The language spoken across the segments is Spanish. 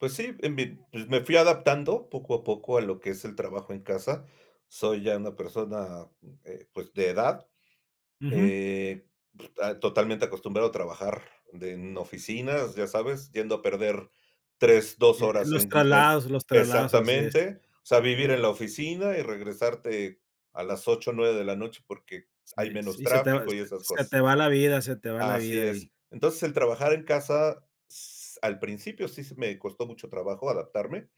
Pues sí, en mi pues, me fui adaptando poco a poco a lo que es el trabajo en casa. Soy ya una persona, eh, pues, de edad, Ujú. eh, totalmente acostumbrado a trabajar de en oficinas, ya sabes. Yendo a perder 3, 2 Eh en horas los en en traslados, en los traslados, así es. exactamente, o sea, vivir en la oficina, y regresarte a las 8, 9 de la noche porque hay Sí, menos sí, se te va tráfico y esas se cosas. te va la vida, se te va la Así vida, ahí. es. Entonces, el trabajar en casa, s al principio sí s me costó mucho trabajo adaptarme,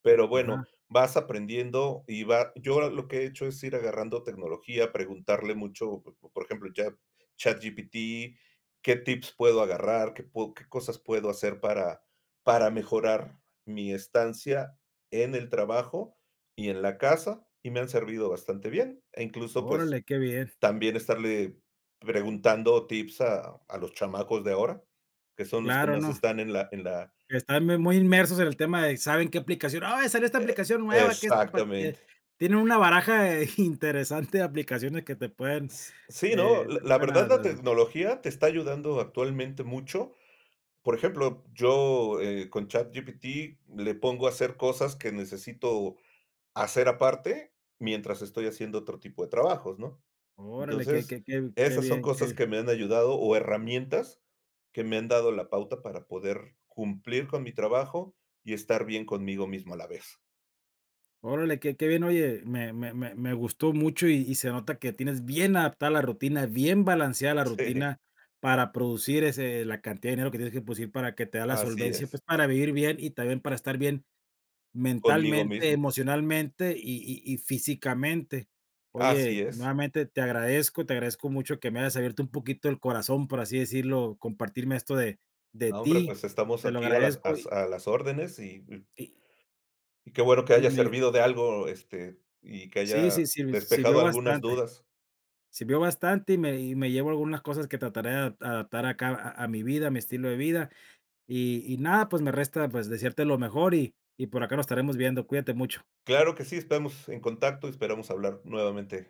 pero bueno, Ajá. vas aprendiendo y va yo lo que he hecho es ir agarrando tecnología, preguntarle mucho, por ejemplo, Chat ChatGPT. ¿Qué tips puedo agarrar? ¿Qué pue qué cosas puedo hacer para para mejorar mi estancia en el trabajo y en la casa? Y me han servido bastante bien, e, incluso, pues, Órale, qué bien. también estarle preguntando tips a a los chamacos de ahora, que son los que Claro, más no. están en la en la Están muy muy inmersos en el tema de: "¿Saben qué aplicación?". "Ay, salió esta E aplicación e nueva, que esta pa" tiene exactamente. tienen una baraja de interesante de aplicaciones que te pueden, S sí, no, eh, te la pueden a verdad la asis tecnología te está ayudando actualmente mucho. Por ejemplo, yo, eh, con ChatGPT, le pongo a hacer cosas que necesito hacer aparte, mientras estoy haciendo otro tipo de trabajos, ¿no? Órale, que Entonces, que que que esas son bien, cosas que que me han ayudado, o herramientas que me han dado la pauta para poder cumplir con mi trabajo y estar bien conmigo mismo a la vez. Órale, qué qué bien, oye, me me me me gustó mucho, y y se nota que tienes bien adaptada la rutina, bien balanceada la Sí. rutina para producir ese la cantidad de dinero que tienes que producir, para que te da la Así solvencia, es. pues para vivir bien y también para estar bien Conmigo mentalmente, mismo. emocionalmente y y y físicamente. Así Oye, es. nuevamente te agradezco. Te agradezco mucho que me hayas abierto un poquito el corazón, por así decirlo, compartirme esto de de No, hombre, ti, pues, estamos te lo aquí a las agradezco as y a las órdenes y Y Y qué bueno que Y haya me servido de algo, este, y que Sí, sí, haya sí me despejado sirvió algunas bastante, dudas. sirvió bastante, y me y me llevo algunas cosas que trataré de adap adaptar acá a a mi vida, a mi estilo de vida. Y y nada, pues, me resta, pues, desearte lo mejor y y por acá nos estaremos viendo, cuídate mucho. Claro que sí, estamos en contacto, esperamos hablar nuevamente.